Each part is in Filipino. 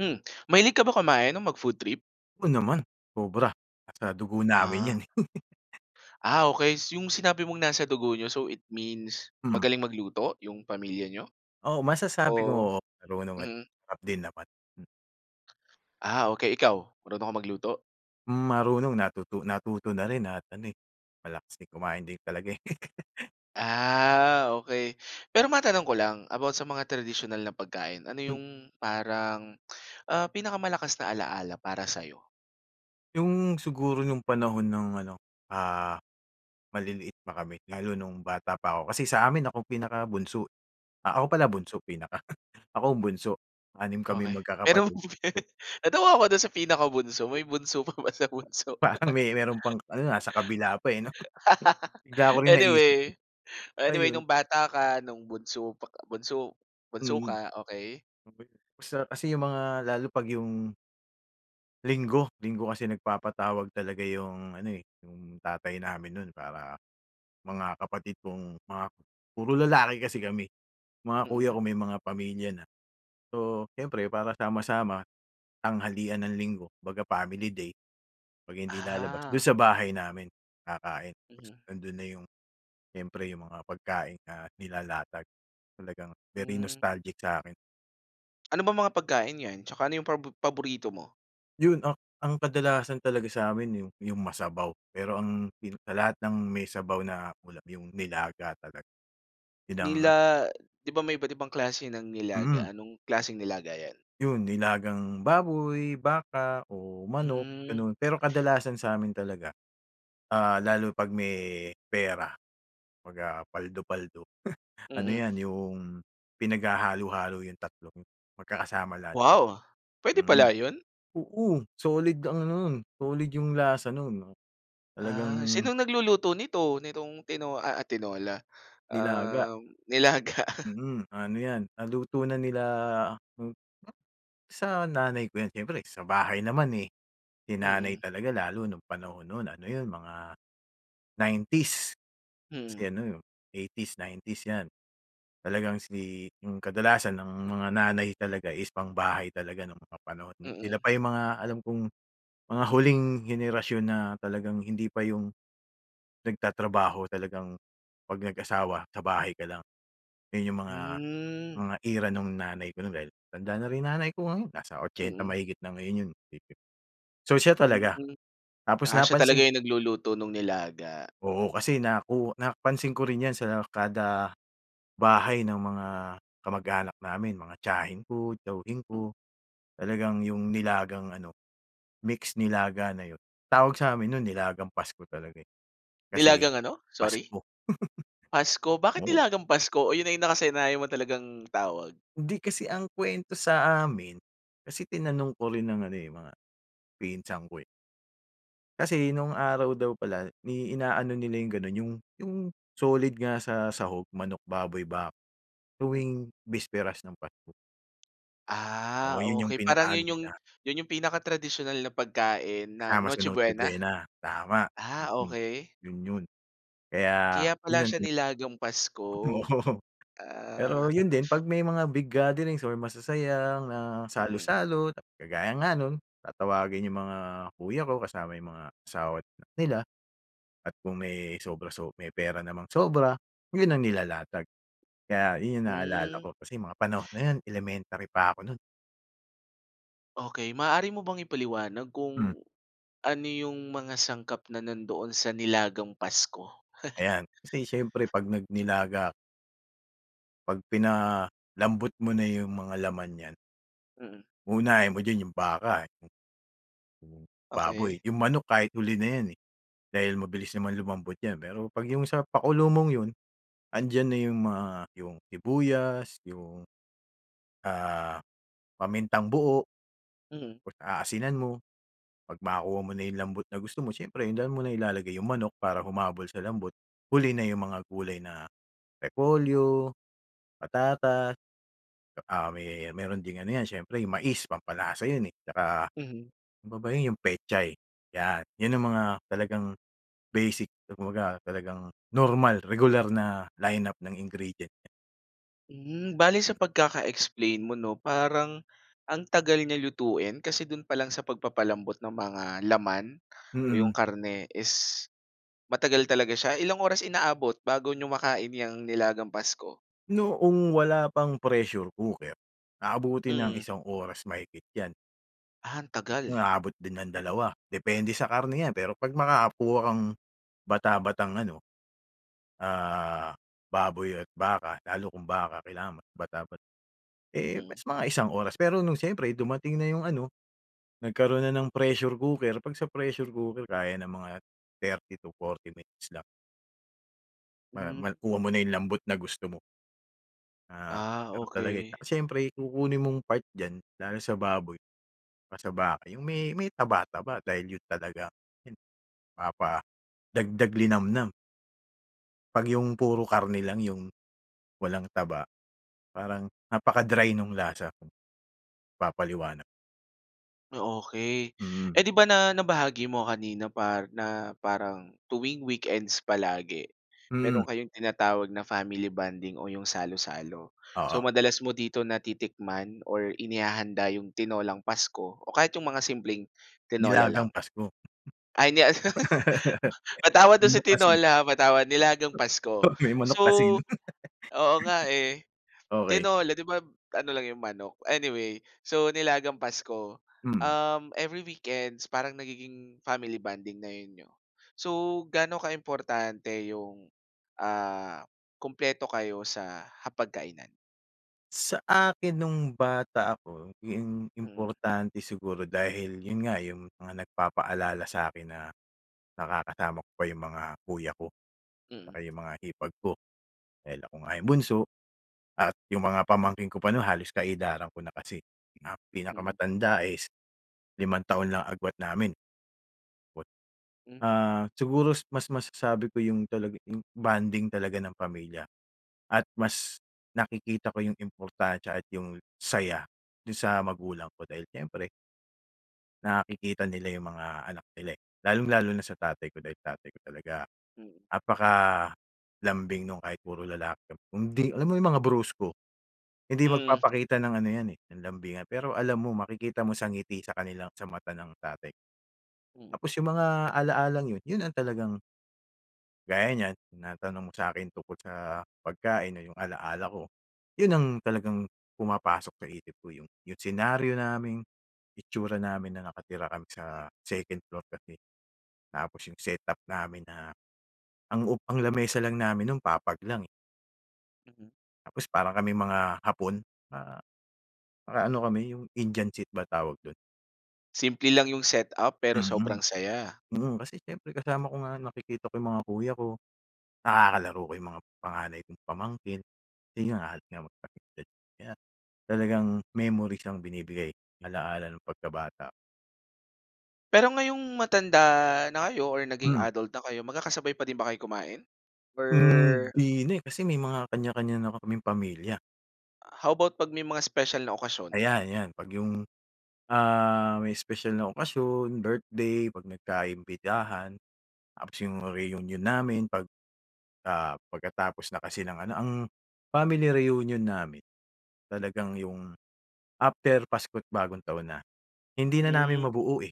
Hmm. Mahilig ka ba kumain o mag-food trip? O, naman, sobra. Nasa dugo namin Ah. 'yan, eh. Ah, okey. 'Yong sinabi mong nasa dugo niyo so it means, Hmm. magaling magluto 'yong pamilya niyo? Oo, masasabi Oh ko, oo, marunong at mm. masarap din naman. M Ah, okey, ikaw, marunong ka magluto? Hmm, marunong natuto natuto na rin at ano, eh, malakas din kumain din talaga eh. Ah, okey. Pero matanong ko lang, about sa mga tradisyonal na pagkain, ano Hmm. 'yong, parang, ah, pinaka-malakas na alaala para sa'yo? 'Yong siguro, no'ng panahon, no'ng ano, ah, maliliit pa kami, lalo no'ng bata pa ako kasi sa amin ako'ng pinaka-bunso. Ah, ako pala bunso, pinaka. Ako'ng bunso, 6 kaming Okey. Pero mag-kakapatid. [unintelligible] natawa ako do'n sa pinakabunso, may bunso pa ba, sa bunso? Parang may meron pang ano, ah, nasa kabila pa, eh, 'no? Bigla ko rin naisip eh. Anyway, oh, anyway Ayon. no'ng bata ka, no'ng bunso pa k bunso bunso Mhm. ka, okey. Okey 'yon. Masarap kasi 'yong mga, lalo pag 'yong Linggo, linggo kasi nagpapatawag talaga 'yung ano, eh, 'yung tatay namin no'n, para mga kapatid kong mga puro lalaki kasi kami. Mga kuya Mm. ko may mga pamilya na. So, siyempre para sama-sama, tanghalian ng Linggo kumbaga family day, 'pag hindi lalabas, do'n Ah. sa bahay namin kakain, tas Mm. nandun na 'yong siyempre 'yung mga pagkain na nilalatag, talagang very Mhm. nostalgic sa akin. Ano bang mga pagkain 'yan, tsaka ano 'yung prabo paborito mo? 'Yun a ang kadalasan talaga sa amin 'yung 'yung masabaw, pero ang pin sa lahat ng may sabaw na ulam 'yung nilaga talaga. Yun ang Nila di ba, may iba't ibang klase ng nilaga, mm. anong klaseng nilaga 'yan? 'Yun nilagang baboy, baka o manok, Hmm. ganun. Pero kadalasan sa amin talaga, ah, lalo 'pag may pera 'pag, ah, paldo-paldo ano Mm. 'yan 'yung pinaghahalo-halo 'yung tatlong magkakasama lahat 'yun. Wow! Puwede Mhm. pala 'yon? Oo, solid ang ano 'nun solid 'yung lasa 'nun, Ah, talagang sinong nagluluto nito, nitong Tino ah ah, Tinola, Nilaga. um, nilaga? Mm, ano 'yan naluto na nila [unintelligible] Sa nanay ko 'yan siyempre sa bahay naman, eh, si nanay Mm. talaga lalo nung panahon 'nun ano 'yun mga 90's kasi Mhm. ano 'yun, 80's 90's 'yan. Talagang si 'yung kadalasan ang mga nanay talaga is pang-bahay talaga no'ng mga panahon, na sila Mm. pa 'yung mga alam kong mga huling henerasyon na talagang hindi pa 'yung nagtatrabaho talagang, 'pag nag-asawa, sa bahay ka lang. 'Yun 'yung mga Hmm. mga era nung nanay ko no'n dahil matanda na rin nanay ko ngayon, nasa 80 Mm. mahigit na ngayon 'yun. So siya talaga. Hmm. Tapos Ah, siya napansin talaga 'yung nagluluto nung nilaga. Oo, kasi naku napansin ko rin 'yan sa kada bahay ng mga kamag-anak namin mga tiyahin ko, tiyuhin ko, talagang 'yong nilagang ano mix nilaga na 'yon. Tawag sa amin no'n nilagang Pasko talaga, eh, kasi Nilagang ano, sorry? Pasko. Pasko, bakit Oo. nilagang Pasko o 'yun na 'yung nakasanayan mo talagang tawag? Hindi kasi ang kwento sa amin, kasi tinanong ko rin ang ano, eh, mga pinsan ko, eh. Kasi no'ng araw daw pala, ni ina-ano nila 'yong gano'n, 'yong 'yong solid nga sa sahog, manok, baboy, bak Hm. tuwing bisperas ng Pasko. Ah, Oo, 'yon 'yong okey. Parang pinaka-ano 'yon 'yong nila. 'yon 'yong pinaka-tradisyonal na pagkain ng Kasama sa Noche Noche Buena? Buena, tama! Ah, Mm. okey. 'Yon 'yon! Kaya Kaya 'yon pala ang siya, tina nilagang Pasko. Oo, pero Ah. 'yon din, pag may mga big gatherings or masasayang, ah, Mm. salo-salo, tapos kagaya nga no'n, tatawagin 'yong mga kuya ko, kasama 'yong mga asawa't anak nila. At kung may sobra sob may pera namang sobra, 'yon ang nilalatag. Kaya 'yon 'yong naalala Hmm. ko, kasi 'yong mga panahon na 'yon, elementary pa ako no'n. Okey. Maaari mo bang ipaliwanag Hmm. kung, ano 'yong mga sangkap na nandoon sa nilagang Pasko? Ayan, kasi siyempre 'pag nag-nilaga 'pag pinalambot mo na 'yong mga laman niyan Mm. uunahin mo diyan yung baka, eh. 'Yong baboy, Okey. 'yong manok kahit huli na yan, eh, dahil mabilis naman lumambot 'yan. Pero 'pag 'yong sa pakulo mong 'yon, andiyan na 'yong mga, 'yong sibuyas, 'yong, ah, pamintang-buo, Mhm. tapos aasinan mo. 'Pag makuha mo na 'yong lambot na gusto mo, siyempre doon mo na ilalagay 'yong manok, para humabol sa lambot. Huli na 'yong mga gulay na repolyo, patatas, tsaka may meron ding ano 'yan, siyempre 'yong mais, pampalasa 'yon eh. Tsaka, Mhm. ano pa ba 'yon? 'Yong pechay, 'yan! 'Yon ang mga talagang basic, kumbaga talagang normal, regular na line-up ng ingredients. Hmm. Bale sa pagkaka-explain mo 'no, parang, ang tagal niya lutuin. Kasi do'n pa lang sa pagpapa-lambot ng mga laman, o Mm. 'yong karne is, matagal talaga siya. Ilang oras inaabot bago niyo makain 'yang nilagang Pasko? Noong wala pang pressure cooker, aabutin ng Mm. 1 oras mahigit 'yan. Ah, ang tagal. Inaabot din ng 2, depende sa karne yan pero 'pag makakakuha kang, bata-batang ano, ah, baboy at baka, lalo kung baka, kailangan bata-bata. Eh, Mm. mas mga 1 oras. Pero nung siyempre dumating na yung ano, nagkaroon na ng pressure cooker 'pag sa pressure cooker kaya ng mga 30 to 40 minutes lang. Ma Hmm. ma kuha mo na yung lambot na gusto mo. Ah, Ah, ganun talaga eh. okey. Tsaka siyempre kukunin mong part diyan, lalo sa baboy, pa saka sa baka, yung may may taba-taba dahil yun talaga hin papadagdag linamnam. 'Pag yung puro karne lang yung walang taba, parang napaka-dry nung lasa. Papaliwanag. O okey. Hmm. Eh, 'di ba, na nabahagi mo nga kanina par na parang tuwing weekends palagi, Hmm. mayro'n kayong tinatawag na family bonding o 'yong salo-salo. So, Oo. madalas mo dito natitikman or inihahanda 'yong tinolang Pasko o kahit 'yong mga simpleng tinola Nilagang lang. Pasko. Ay, hindi ano, patawad do'n sa Manok kasi. tinola, ha, patawad. Nilagang Pasko. Oo, may manok So, kasi, 'no. oo nga, eh. Okey. Tinola, 'di ba, ano lang 'yong manok? Anyway, so nilagang Pasko, Mm. um, every weekends, parang nagiging family bonding na 'yon niyo. So, gaano kaimportante 'yong, ah, kumpleto kayo sa hapag-kainan? Sa akin no'ng bata ako, 'yong im Mm. importante siguro, dahil 'yon nga, 'yong mga nagpapaalala sa akin na, nakakasama ko pa 'yong mga kuya ko, 'tsaka Mm. 'yong mga hipag ko, dahil ako nga 'yong bunso, at 'yong mga pamangkin ko pa naman, halos ka-edaran ko na kasi. Na Mm. pinakamatanda is, limang taon lang agwat namin. What M ah, siguro mas masasabi ko 'yong talaga 'yong bonding talaga ng pamilya, at mas nakikita ko 'yong importansya at 'yong saya, do'n sa magulang ko dahil siyempre nakikita nila yung mga anak nila, eh. Lalong-lalo na sa tatay ko dahil tatay ko talaga, Mm. napaka-lambing no'n kahit puro lalaki hindi alam mo 'yong mga brusko, hindi Mm. magpapakita ng ano 'yan eh, ng lambingan. Pero alam mo makikita mo sa ngiti sa kanilang sa mata ng tatay. Mm. Tapos yung mga ala-lang yun, yun ang talagang gaya niyan, tinatanong mo sa akin tungkol sa pagkain o yung ala-ala ko, 'yun ang talagang pumapasok sa isip ko yung yung senaryo naming, itsura namin na nakatira kami sa 2nd floor kasi. Tapos yung setup namin na, ang up ang lamesa lang namin no'n papag lang, eh. Mhm. Tapos parang kaming mga Hapon na, parang ano kami, yung Indian seat ba tawag dun? Simple lang yung setup pero Mhm. sobrang saya. Mm, kasi siyempre kasama ko nga, nakikita ko yung mga kuya ko, nakakalaro ko yung mga panganay kong pamangkin, kasi nga halos magkasing-edad, kaya talagang memory siyang binibigay, ala-ala ng pagkabata. Pero ngayong matanda na kayo, or naging Hmm. adult na kayo magkakasabay pa din ba kayo kumain? Hmm, Or? hindi na eh, kasi may mga kanya-kanya na kaming pamilya. How about pag may mga special na okasyon? Ayan 'yan, pag yung, ah, may special na okasyon, birthday, pag nagka-imbitahan, tapos yung reunion namin pag, ah, pagkatapos na kasi ng ano ang, family reunion namin talagang yung, after Pasko't Bagong Taon na. Hindi na namin Hmm. mabuo eh,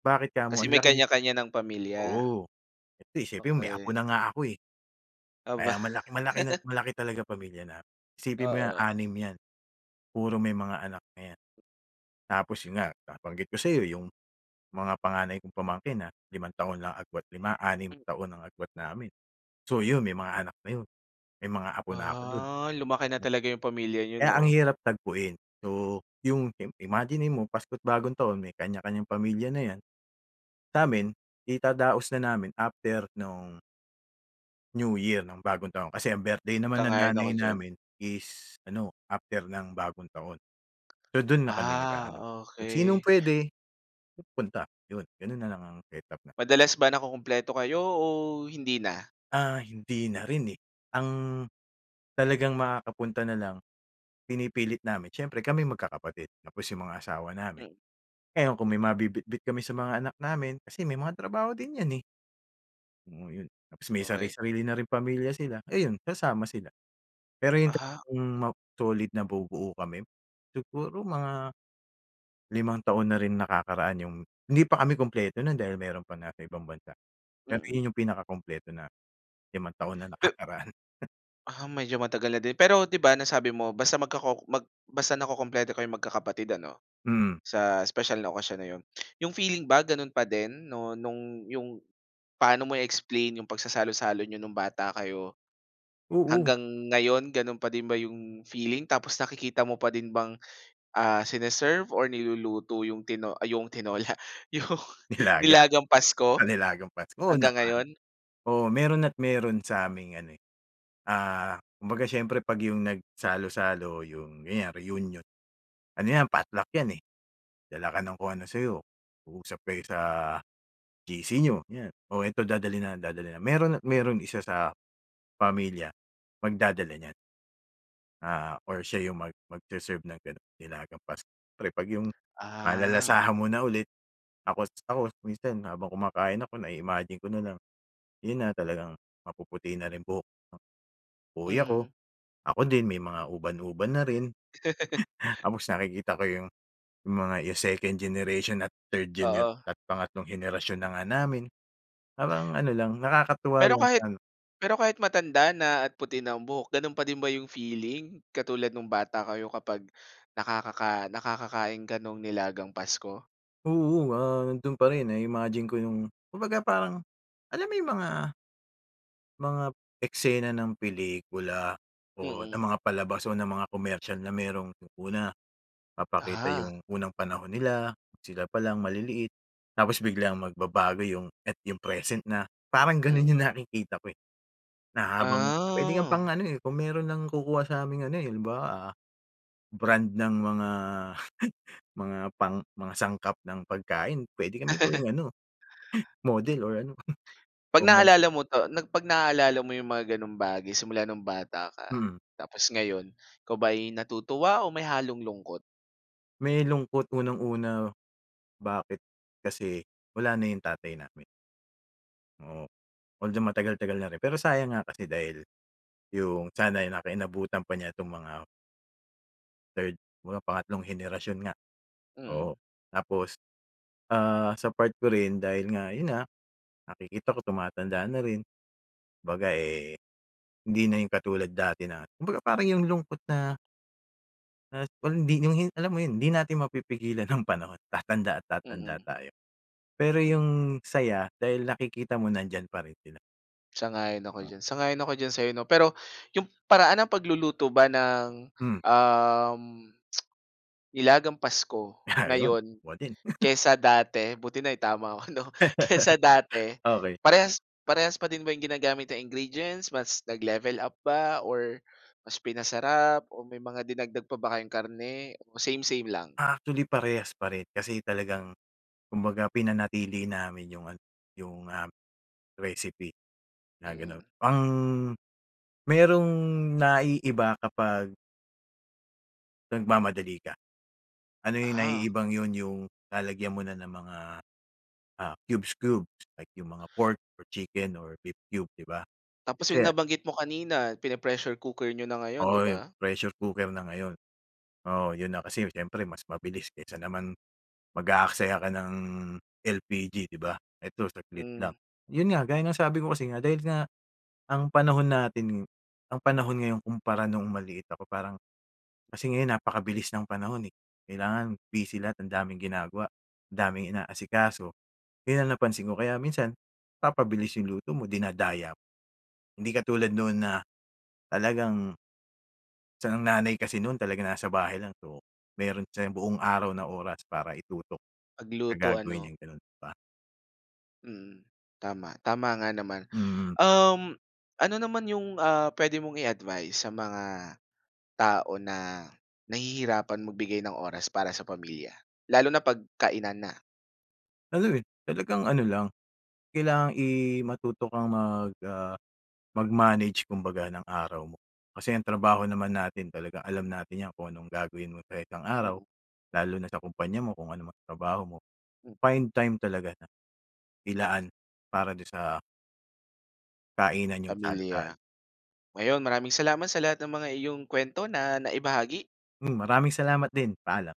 bakit kamo? Kasi Ang may laking kanya-kanya ng pamilya? oo hindi siyempre may apo Okey. na nga ako eh. Aba. Kaya malak malaki na malaki talaga pamilya namin, isipin mo yan Oo. 6 yan. Puro may mga anak na yan. Tapos yun nga, nabanggit ko sayo yung mga panganay kong pamangkin, ah, 5 taon lang agwat 5, 6 Hmm. taon ang agwat namin. So yun, may mga anak na yun, may mga apo na ako dun. Ah, lumaki na talaga 'yong pamilya niyo Kaya ang no? hirap tagpuin. So, yung im imaginin mo Pasko't Bagong taon may kanya kanyang pamilya na yan, samin, idadaos na namin after 'nong New Year ng bagong taon, kasi ang birthday naman ng Sang-ayon ako nanay diyan. namin is, ano after ng bagong taon, so dun na kami Ah, nag-aano kung sinong okey. pwede. Pupunta. Yun, ganun na lang ang setup na Madalas ba nakukumpleto kayo, o hindi na? Ah, hindi narin eh. Ang talagang makakapunta na lang, pinipilit namin siyempre kami magkakapatid, tapos, yung mga asawa namin. Mm. Ngayon, kung may mabibitbit kami sa mga anak namin kasi may mga trabaho din yan, eh. Oo yun, tapos may Okey. sari-sarili na rin pamilya sila, ayun sasama sila. Pero 'yung Ah. talagang ma solid na bubuo kami siguro mga limang taon na rin nakakaraan yung hindi pa kami kumpleto non, dahil meron pa nasa ibang bansa, pero Mhm. 'yun 'yung pinakakumpleto na limang taon na Pe nakakaraan. Ah, medyo matagal na din pero, 'di ba nasabi mo basta magkoko mag basta nakukumpleto ko 'yong magkakapatid ano? Hmm. Sa special na okasyon na 'yon, 'yong feeling ba gano'n pa din no'ng, 'yong paano mo i-explain 'yong pagsasalo-salo n'yo no'ng bata kayo, Oo. hanggang ngayon ganun pa din ba yung feeling tapos nakikita mo pa din bang, ah, sineserve or niluluto yung tino ah, yung tinola. Yung Nilaga, nilagang ah, Pasko, nilagang Pasko, oo hanggang naman. ngayon? Oo meron at meron sa aming ano, eh, ah, kumbaga siyempre 'pag 'yong nagsalo-salo 'yong ganyan reunion. Ano 'yan, potluck 'yan, eh, dala ka ng kung ano sa 'yo, uusap kayo sa GC n'yo 'yan, "Oo eto dadalhin na, dadalhin na". Meron at meron isa sa pamilya magdadala niyan. Ah, or siya 'yung mag mag-se-serve ng ganun nilagang Pasko, siyempre 'pag 'yung Ah. malalasahan mo na ulit ako ako minsan habang kumakain ako na-iimagine ko nalang 'yun na talagang mapuputi na rin buhok ng kuya ko, Mhm. ako din may mga uban-uban na rin. Tapos nakikita ko 'yung mga 'yung 2nd generation at 3rd genera Oo. pangatlong henerasyon na nga namin, parang ano lang nakakatuwa Pero lang siya kahit 'no. pero kahit matanda na at puti na ang buhok. Ganun pa din ba 'yung feeling, katulad nung bata kayo, kapag nakakaka nakakakain ka no'ng nilagang Pasko? Oo, ah, nandun pa rin na imagine ko 'yung kumbaga parang alam mo 'yung mga mga eksena ng pelikula o ng Mm. mga palabas o ng mga komersyal na merong una papakita Ah. 'yung unang panahon nila, sila palang maliliit tapos Mm. biglang magbabago 'yung, at 'yung present na parang ganun Mm. 'yung nakikita ko, eh, na habang pwede kang pang Ah. ano, eh, kung meron lang kukuha sa aming ano halimbawa, ah, brand ng mga mga pang mga sangkap ng pagkain, pwede kami gawing ano Hmm. model or ano. 'Pag Kung meron. naalala mo 'to na 'pag naalala mo 'yong mga ganong bagay simula nung bata ka, Mhm. tapos ngayon ikaw ba ay natutuwa o may halong lungkot? May lungkot unang-una, bakit? Kasi wala na yung tatay namin. Oo. Although, matagal tagal na rin pero sayang nga kasi dahil, yung sana naka inabutan pa niya itong mga 3rd, mga pangatlong henerasyon nga. Mhm. Oo, tapos, ah, sa part ko rin dahil nga yun nga nakikita ko tumatanda na rin. Kumbaga, eh, hindi na yung katulad dati na kumbaga parang yung lungkot na na hindi yung hin alam mo yon, hindi natin mapipigilan ang panahon, tatanda at tatanda Mhm. tayo. Pero, Mhm. yung saya dahil nakikita mo nandiyan pa rin sila. Sang-ayon ako dyan. Sang-ayon ako diyan sayo no, pero yung paraan ng pagluluto ba ng, Hmm. um, nilagang Pasko Ah yon, ngayon kuha din. kaysa dati? Buti naitama ko 'no? Kaysa dati, Okey. parehas parehas pa din ba 'yong ginagamit na ingredients, mas nag-level up ba or mas pinasarap o may mga dinagdag pa ba kayong karne, o same-same lang? Actually, parehas pa rin. Kasi talagang kumbaga, pinanatili namin yung ano yung, ah, recipe na ganun. Mhm. Ang mayrong naiiba kapag Nagmamadali ka. Ano yung Ah. naiibang yun yung lalagyan mo na ng mga, ah, cubes, cubes like yung mga pork or chicken or beef cube 'di ba? Tapos yung Kasi nabanggit mo kanina pini-pressure cooker niyo na ngayon 'di Oo, 'yong ba? pressure cooker na ngayon. Oo 'yon na kasi siyempre mas mabilis kesa naman mag-aaksaya ka ng LPG 'di ba? Eto saglit Hmm. lang. 'Yon nga gaya ng sabi ko kasi nga dahil ang panahon natin ang panahon ngayon kumpara noong maliit ako parang kasi ngayon napakabilis ng panahon, eh, kailangan busy lahat ang daming ginagawa ang daming inaasikaso 'yon ang napansin ko kaya minsan papabilis 'yong luto mo dinadaya. Hindi katulad noon na talagang Saka ang nanay kasi nun talaga nasa bahay lang, so meron siya yung buong araw na oras para itutok sa Magluto gagawin ano? niyang ganun ba. Mm, tama, tama nga naman. Mm. Um, ano naman yung, ah, pwede mong i-advice sa mga tao na nahihirapan magbigay ng oras para sa pamilya? Lalo na 'pag kainan na. Ano, eh, talagang ano lang kailangan i matuto kang mag ah, mag manage kumbaga ng araw mo. Kasi ang trabaho naman natin talagang alam natin niya kung anong gagawin mo sa isang araw Mm. lalo na sa kumpanya mo kung ano man ang trabaho mo Mm. find time talaga na ilaan para dun sa kainan niyong salo salo. Pamilya. Ayon maraming salamat sa lahat ng mga iyong kuwento na naibahagi. Hmm. Maraming salamat din, paalam.